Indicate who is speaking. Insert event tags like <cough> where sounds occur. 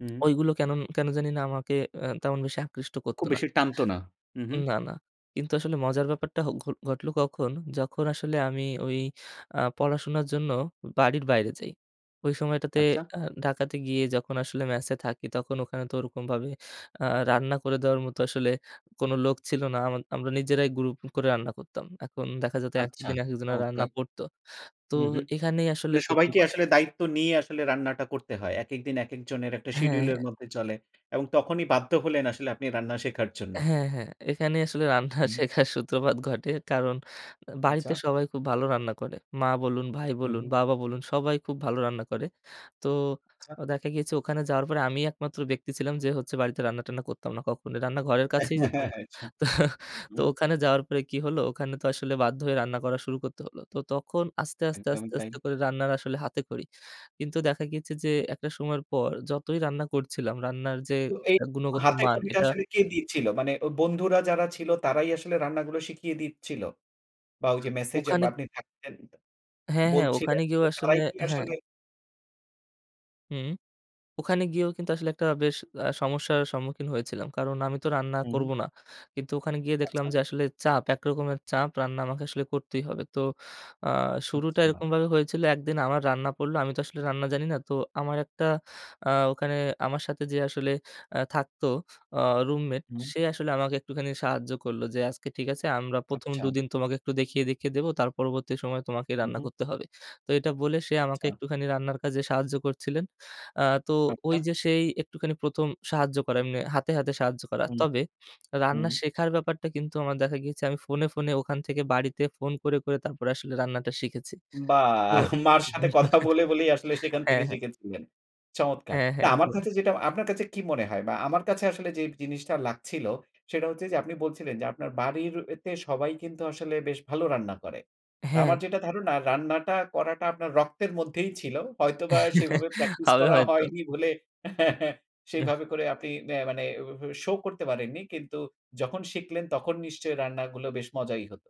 Speaker 1: হুম।
Speaker 2: ওইগুলো কেনন কেনো জানিনা আমাকে আ তেমন বেশি আকৃষ্ট করতো
Speaker 1: খুব
Speaker 2: না।
Speaker 1: বেশি টানতো না। উ হু।
Speaker 2: উম না, না। কিন্তু আসলে মজার ব্যাপারটা ঘ ঘটলো কখন, যখন আসলে আমি ওই আ পড়াশোনার জন্য বাড়ির বাইরে যাই। ওই সময়টাতে
Speaker 1: আচ্ছা।
Speaker 2: আ ঢাকাতে গিয়ে যখন আসলে ম্যাসে থাকি, তখন ওখানে তো ওরকমভাবে আ রান্না করে দেওয়ার মতো আসলে কোনো লোক ছিল না। আমা আমরা নিজেরাই গ্রুপ করে রান্না করতাম। এখন দেখা যেত একেক
Speaker 1: আচ্ছা।
Speaker 2: দিন একেকজনের রান্না
Speaker 1: চমৎকার।
Speaker 2: পড়তো। তো
Speaker 1: হুম, হু।
Speaker 2: এখানেই আসলে
Speaker 1: মানে সবাইকে
Speaker 2: সূত্রপাত।
Speaker 1: আসলে দায়িত্ব নিয়েই আসলে রান্নাটা করতে হয়। একেক দিন একেক জনের একটা
Speaker 2: হ্যাঁ,
Speaker 1: শিডিউলের
Speaker 2: হ্যাঁ।
Speaker 1: মধ্যে চলে এবং তখনই বাধ্য হলেন আসলে আপনি রান্না শেখার জন্য।
Speaker 2: হ্যাঁ, হ্যাঁ। এখানেই আসলে রান্না
Speaker 1: হুম।
Speaker 2: শেখার সূত্রপাত ঘটে। কারণ বাড়িতে
Speaker 1: আচ্ছা।
Speaker 2: সবাই খুব ভালো রান্না করে। মা বলুন, ভাই
Speaker 1: হু,
Speaker 2: বলুন,
Speaker 1: হু।
Speaker 2: বাবা বলুন, সবাই খুব ভালো রান্না করে। তো
Speaker 1: আচ্ছা।
Speaker 2: আ দেখা গিয়েছে ওখানে যাওয়ার পরে আমিই একমাত্র ব্যক্তি ছিলাম যে হচ্ছে বাড়িতে রান্না-টান্না করতাম না কখনোই। রান্নাঘরের কাছেই যেতাম না।
Speaker 1: <chuckles>
Speaker 2: তো তো
Speaker 1: হুম।
Speaker 2: ওখানে যাওয়ার পরে কী হলো, ওখানে তো আসলে বাধ্য হয়ে রান্না করা শুরু করতে হলো। তো তখন আস্তে, আস্তে,
Speaker 1: একদম
Speaker 2: আস্তে,
Speaker 1: তাই।
Speaker 2: আস্তে করে রান্নার আসলে হাতেখড়ি। কিন্তু দেখা গিয়েছে যে একটা সময়ের পর যতই রান্না করছিলাম, রান্নার যে
Speaker 1: তো এই
Speaker 2: আ গুণগত
Speaker 1: হাতে
Speaker 2: মান
Speaker 1: খড়িটা
Speaker 2: এটা
Speaker 1: আসলে কে দিচ্ছিল? মানে অ বন্ধুরা যারা ছিল, তারাই আসলে রান্নাগুলো শিখিয়ে দিচ্ছিল? বা ওই যে ম্যাসে যে বা
Speaker 2: ওখানে
Speaker 1: আপনি থাকতেন
Speaker 2: হ্যাঁ, হ্যাঁ।
Speaker 1: বলছিলেন,
Speaker 2: ওখানে
Speaker 1: তো
Speaker 2: গিয়েও আসলে
Speaker 1: তারাই কি
Speaker 2: হ্যাঁ।
Speaker 1: আসলে
Speaker 2: হুম। ওখানে গিয়েও কিন্তু আসলে একটা বেশ আ সমস্যার সম্মুখীন হয়েছিলাম। কারণ আমি তো রান্না
Speaker 1: উ হু।
Speaker 2: করব না। কিন্তু ওখানে গিয়ে দেখলাম
Speaker 1: আচ্ছা।
Speaker 2: যে আসলে চাপ, একরকমের চাপ রান্না আমাকে আসলে করতেই হবে। তো আ শুরুটা
Speaker 1: আচ্ছা।
Speaker 2: এরকমভাবে হয়েছিল, এক দিন আমার রান্না পড়ল। আমি তো আসলে রান্না জানি না। তো আমার একটা আ ওখানে আমার সাথে যে আসলে আ থাকতো আ রুমমেট,
Speaker 1: হুম।
Speaker 2: সে আসলে আমাকে একটুখানি সাহায্য করলো যে, "আজকে ঠিক আছে, আমরা ১ম
Speaker 1: আচ্ছা।
Speaker 2: দু দিন তোমাকে একটু দেখিয়ে, দেখিয়ে দেব, তার পরবর্তী সময়ে তোমাকেই
Speaker 1: হু,
Speaker 2: রান্না
Speaker 1: হু।
Speaker 2: করতে হবে।" তো এটা বলে সে আমাকে
Speaker 1: আচ্ছা।
Speaker 2: একটুখানি রান্নার কাজে সাহায্য করছিলেন। আ তো ওই
Speaker 1: আচ্ছা।
Speaker 2: যে সেই একটুখানি ১ম সাহায্য করে এম্নে হাতে, হাতে সাহায্য করা।
Speaker 1: হুম,
Speaker 2: তবে রান্না
Speaker 1: হুম।
Speaker 2: শেখার ব্যাপারটা কিন্তু আমার দেখা গিয়েছে আমি ফোনে, ফোনে ওখান থেকে বাড়িতে ফোন করে, করে তারপরে আসলে রান্নাটা শিখেছি। তো
Speaker 1: বাহ্! মার সাথে কথা বলে, বলেই আসলে
Speaker 2: <chuckles>
Speaker 1: সেখান থেকে
Speaker 2: হ্যাঁ, হ্যাঁ।
Speaker 1: শিখেছিলেন। চমৎকার।
Speaker 2: হ্যাঁ,
Speaker 1: না,
Speaker 2: হ্যাঁ।
Speaker 1: আমার
Speaker 2: একদমই
Speaker 1: কাছে যেটা, আপনার কাছে কি মনে হয়? বা আমার কাছে আসলে যেই জিনিসটা লাগছিল, সেটা হচ্ছে যে আপনি বলছিলেন যে আপনার বাড়ির তে সবাই কিন্তু আসলে বেশ ভালো রান্না করে। তো
Speaker 2: হ্যাঁ।
Speaker 1: আমার যেটা ধারণা, রান্নাটা করাটা আপনার রক্তের মধ্যেই ছিল। হয়তোবা
Speaker 2: <chuckles>
Speaker 1: সেভাবে প্র্যাকটিস
Speaker 2: হবে
Speaker 1: করা
Speaker 2: হয়তো।
Speaker 1: হয়নি বলে <chuckles>
Speaker 2: এহ
Speaker 1: সেভাবে করে আপনি অ্যা মানে ওভাবে শো করতে পারেননি। কিন্তু যখন শিখলেন, তখন নিশ্চয়ই রান্নাগুলো বেশ মজাই হতো?